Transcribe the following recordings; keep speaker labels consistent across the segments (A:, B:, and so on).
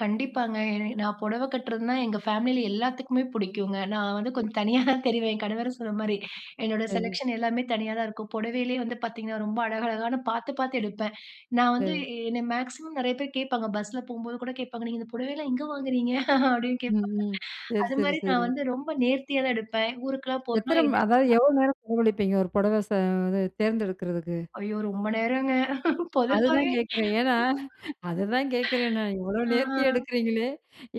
A: கண்டிப்பாங்க. எ நான் புடவை கட்டுறதுனா எங்க ஃபேமிலியில எல்லாத்துக்குமே பிடிக்குங்க. நான் வந்து கொஞ்சம் தனியா தான் தெரிவேன். என் கணவரும் சொன்ன மாரி, என்னோட
B: சரி.
A: செலெக்ஷன் எல்லாமே தனியா தான் இருக்கும். புடவையிலேயே வந்து பார்த்தீங்கன்னா ரொம்ப அழகழகான பார்த்து பார்த்து எடுப்பேன். நான் வந்து
B: அ.
A: என்ன மேக்ஸிமம் நிறைய பேர் கேட்பாங்க பஸ்ஸுல போம்போது கூட கேட்பாங்க, "நீங்க இந்த புடவைலாம் எங்கே வாங்குறீங்க?" அப்படின்னு
B: ம்,
A: கேட்பாங்க.
B: ம். சரி, சரி,
A: அதுமாரி நான்
B: சரி.
A: வந்து ரொம்ப நேர்த்தியா தான் எடுப்பேன். ஊருக்கெல்லாம் போகணும்னா
B: எத்தனை அதாவது
A: எதிர்ச்சியா.
B: எவ்ளோ நேரம் செலவழிப்பீங்க? ஒரு புடவை ச தேர்ந்தெடுக்கிறதுக்கு.
A: ஐயோ! ரொம்ப நேரங்க.
B: அதுதான்
A: பொதுவாவே.
B: கேட்கிறேன். ஏன்னா, அதுதான் கேட்கிறேன் நான் இவ்வளோ
A: ஆ.
B: நேர்த்தியா எடுக்கிறீங்களே!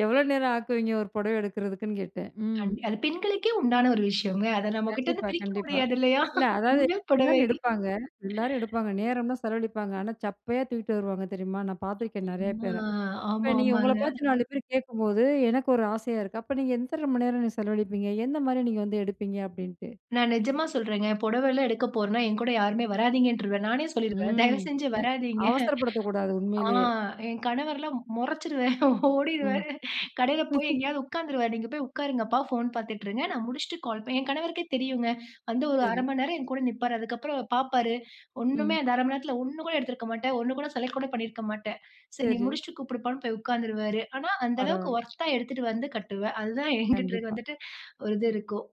B: எவ்வளோ நேரம் ஆக்குவிங்க ஒரு புடவை எடுக்கிறதுக்குன்னு கேட்டேன். ம்.
A: கண் அது பெண்களுக்கே உண்டான ஒரு விஷயம்ங்க. அதை நம்மகிட்ட இருந்து
B: கண்டிப்பா,
A: பிரிக்க
B: கண்டிப்பா.
A: முடியாது இல்லையா?
B: இல்ல அதாவது
A: பெண்கள், புடவை.
B: எல்லாரும் எடுப்பாங்க எல்லாரும் எடுப்பாங்க. நேரம் தான் செலவழிப்பாங்க. ஆனா சப்பையா தூக்கிட்டு வருவாங்க. தெரியுமா? நான் பார்த்துருக்கேன் நிறைய பேர.
A: ஆ. ஆமா,
B: இப்ப நீங்க உங்கள
A: ஆமாங்க.
B: பார்த்து 4 பேர் கேக்கும்போது எனக்கு ஒரு ஆசையா இருக்கு. அப்ப நீங்க எத்தன மணி நேரம் நீங்க செலவழிப்பீங்க? எந்த மாரி நீங்க வந்து எடுப்பீங்க? அப்படின்ட்டு.
A: நான் நிஜமா சொல்றேங்க. புடவை எல்லாம் எடுக்க போறேனா என்கூட யாருமே வராதீங்கன்ருவேன். நானே சொல்லிடுவேன், தயவு
B: ம்.
A: செஞ்சு
B: எ
A: வராதீங்க.
B: அவசரப்படுத்தக்கூடாது
A: ஆ
B: உண்மையிலேயே.
A: என் கணவரெலாம் முறைச்சிருவேன்.
B: ம்.
A: ஓடிடுருவாரு. கடையில போய் எங்கேயாவது உட்கார்ந்துருவாரு. நீங்க போய் உட்காருங்கப்பா, ஃபோன் பார்த்துட்டுருங்க. நான் முடிச்சுட்டு கால் பண் என் கணவருக்கே தெரியுங்க. வந்து ஒரு 0:30
B: சரி.
A: மணி நேரம் என் கூட நிப்பாரு. அதுக்கப்புறம், பார்ப்பாரு. ஒன்னுமே
B: ம்.
A: அந்த 0:30 மணி நேரத்தில 1 கூட எடுத்திருக்க மாட்டேன், 1 கூட செலக்ட் கூட பண்ணியிருக்க மாட்டேன். சரி நீ
B: சரி.
A: முடிச்சுட்டு கூப்பிடுப்பான்னு போய் உட்காந்துருவாரு. ஆனா அந்த அளவுக்கு
B: பரவாயில்ல.
A: ஒர்த்தா எடுத்துட்டு வந்து கட்டுவேன். அதுதான் என்கிட்டே
B: கண்டிப்பா.
A: வந்துட்டு ஒரு இது இருக்கும்.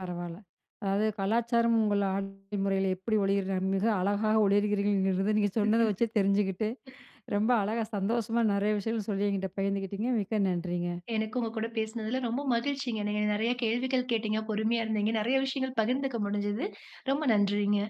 B: பரவாயில்ல. அதாவது கலாச்சாரம் உங்கள ஆ [unintelligible] முறையில் எப்படி ஒளி மிக அழகாக ஒளியிருக்கிறீர்கள் நீங்க சொன்னத வச்சே தெரிஞ்சுக்கிட்டு ரொம்ப அழகா சந்தோஷமா நிறைய விஷயங்கள் சொல்லி என்கிட்ட பகிர்ந்துகிட்டிங்க மிக்க நன்றிங்க.
A: எனக்கு உங்க கூட பேசினதில ரொம்ப மகிழ்ச்சிங்க. நீங்க நிறைய கேள்விகள் கேட்டீங்க. பொறுமையா இருந்தீங்க. நிறைய விஷயங்கள் பகிர்ந்துக்க முடிஞ்சுது. ரொம்ப நன்றிங்க.